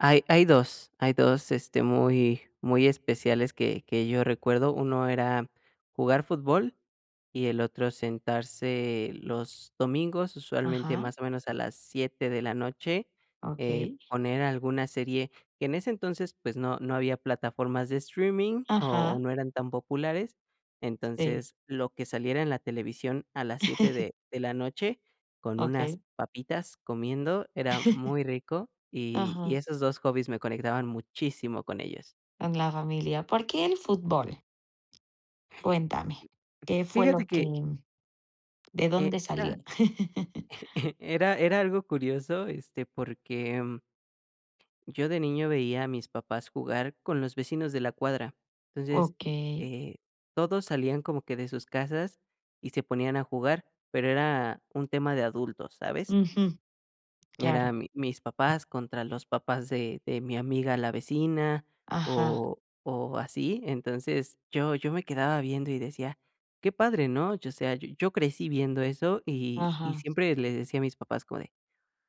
Hay hay 2 hay 2, este, muy muy especiales que que yo recuerdo. 1 era jugar fútbol, y el otro sentarse los domingos, usualmente, Ajá. más o menos, a las 7 de la noche, eh, Okey. poner alguna serie, que en ese entonces, pues, no no había plataformas de streaming, o, Ajá. no eran tan populares, Sí. entonces lo que saliera en la televisión a las 7 de de la noche con unas Okey. papitas comiendo era muy rico, y y Ajá. esos 2 hobbies me conectaban muchísimo con ellos. Con la familia. ¿Por qué el fútbol? Cuéntame. ¿Qué fue Fíjate lo que que de e dónde era salió? era era algo curioso, este, porque yo de niño veía a mis papás jugar con los vecinos de la cuadra, entonces, Okey. eh, todos salían como que de sus casas y se ponían a jugar, pero era un tema de adultos, ¿sabes? Ujú. Claro. Eran mi mis papás contra los papás de de mi amiga, la vecina, Ajá. o o, así. Entonces yo yo me quedaba viendo, y decía: “Qué padre", ¿no? Yo, o sea, yo yo crecí viendo eso, y y Ajá. siempre le decía a mis papás como de: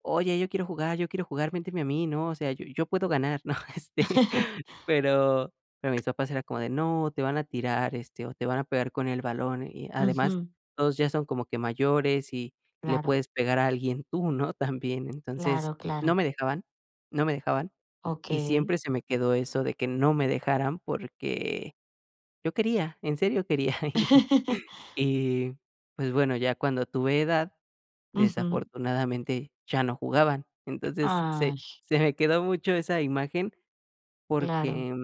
“Oye, yo quiero jugar, yo quiero jugar, méteme a mí", ¿no? O sea, "yo yo puedo ganar", ¿no? Este, pero pero mis papás era como de: “No, te van a tirar, este, o, te van a pegar con el balón, y además Ujú. todos ya son como que mayores, y le Claro. puedes pegar a alguien tú, ¿no?, también”. Entonces, Claro, no claro. me dejaban. No me dejaban, y Okey. siempre se me quedó eso de que no me dejaran, porque yo quería, en serio quería. Y, pues, bueno, ya cuando tuve edad, Ujú. desafortunadamente, ya no jugaban. Entonces se Ay. se me quedó mucho esa imagen, Claro. porque,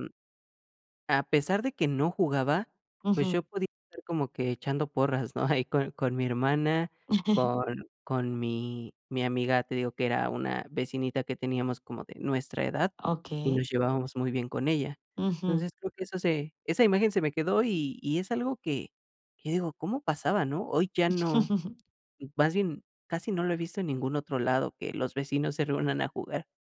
a pesar de que no jugaba, pues, yo Ujú. podía estar como que echando porras, ¿no? Ahí con con mi hermana, con con mi mi amiga, te digo que era una vecinita que teníamos como de nuestra edad y Okey. nos llevábamos muy bien con ella. Ujú. Entonces creo que eso se esa imagen se me quedó, y y es algo que que digo: “¿Cómo pasaba", ¿no?. Hoy ya no, más bien casi no lo he visto en ningún otro lado que los vecinos se reúnan a jugar.